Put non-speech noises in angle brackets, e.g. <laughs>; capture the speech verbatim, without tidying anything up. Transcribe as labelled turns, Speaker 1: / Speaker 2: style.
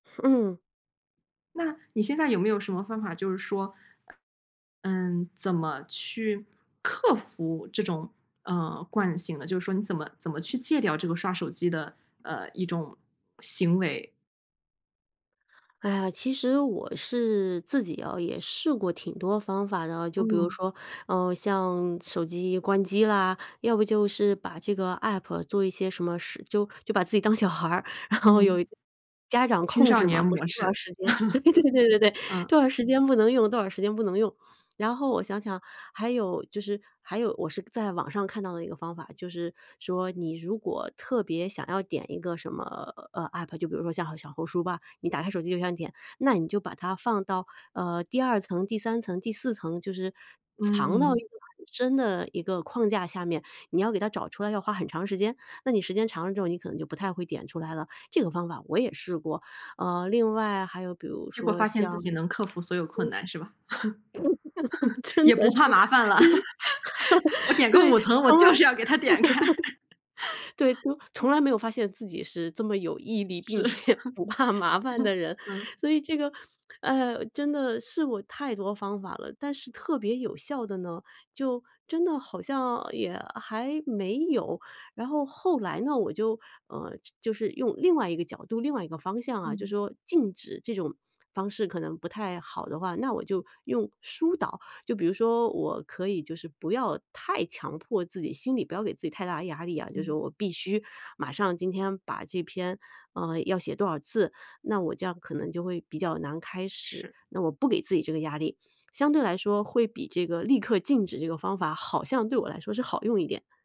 Speaker 1: 嗯。
Speaker 2: 那，你现在有没有什么方法就是说嗯，怎么去克服这种，呃，惯性的？就是说你怎么怎么去戒掉这个刷手机的，呃，一种行为？
Speaker 1: 哎呀，其实我是自己哦，也试过挺多方法的啊。就比如
Speaker 2: 嗯。
Speaker 1: 说，呃，像手机关机啦，要不就是把这个 APP 做一些什么事就就把自己当小孩儿，然后有
Speaker 2: 嗯。
Speaker 1: 家长
Speaker 2: 青
Speaker 1: 控
Speaker 2: 少
Speaker 1: 制嘛，
Speaker 2: 年
Speaker 1: 不是
Speaker 2: 模
Speaker 1: 多长
Speaker 2: 式。
Speaker 1: 时间对对对对-对，
Speaker 2: <chuckles> 嗯。
Speaker 1: 多少时间不能用，多少时间不能用。然后我想想，还有就是还有我是在网上看到的一个方法。就是说你如果特别想要点一个什么，呃，APP，就比如说像小红书吧，你打开手机就想点，那你就把它放到，呃，第二层、第三层、第四层，就是藏到一
Speaker 2: 嗯。
Speaker 1: 个很深的一个框架下面，你要给它找出来要花很长时间。那你时间长了之后，你可能就不太会点出来了。这个方法我也试过。呃，另外还有比如
Speaker 2: 结果
Speaker 1: 说
Speaker 2: 发现
Speaker 1: 像
Speaker 2: 自己能
Speaker 1: 嗯。
Speaker 2: 克服所有困难是吧？
Speaker 1: <laughs>
Speaker 2: <chuckles>
Speaker 1: 真
Speaker 2: 也
Speaker 1: 的
Speaker 2: 不
Speaker 1: 是。
Speaker 2: 怕
Speaker 1: 就是
Speaker 2: 麻烦了。<laughs> 我
Speaker 1: <laughs>
Speaker 2: 点个
Speaker 1: 对，
Speaker 2: 五层，我
Speaker 1: 从
Speaker 2: 就
Speaker 1: 来
Speaker 2: 是要给它点开。
Speaker 1: <laughs> 对，就
Speaker 2: <laughs>
Speaker 1: 从
Speaker 2: 嗯。
Speaker 1: 来没有发现自己是这么有毅力，并
Speaker 2: 是。<chuckles>
Speaker 1: 且不怕麻烦的人。
Speaker 2: 嗯。
Speaker 1: 所以这个，呃，真的试过太多方法了，但是特别有效的呢，就真的好像也还没有。然后后来呢，我就，呃，就是用另外一个角度、另外一个方向啊，就
Speaker 2: 嗯。
Speaker 1: 说禁止这种方式可能不太好的话，那我就用疏导。就比如说我可以就是不要太强迫自己，心里不要给自己太大的压力啊，就是
Speaker 2: 嗯。
Speaker 1: 我必须马上今天把这篇啊，要写多少字。那我这样可能就会比较难开始，
Speaker 2: 是。
Speaker 1: 那我不给自己这个压力，相对来说会比这个立刻禁止这个方法好像对我来说是好用一点。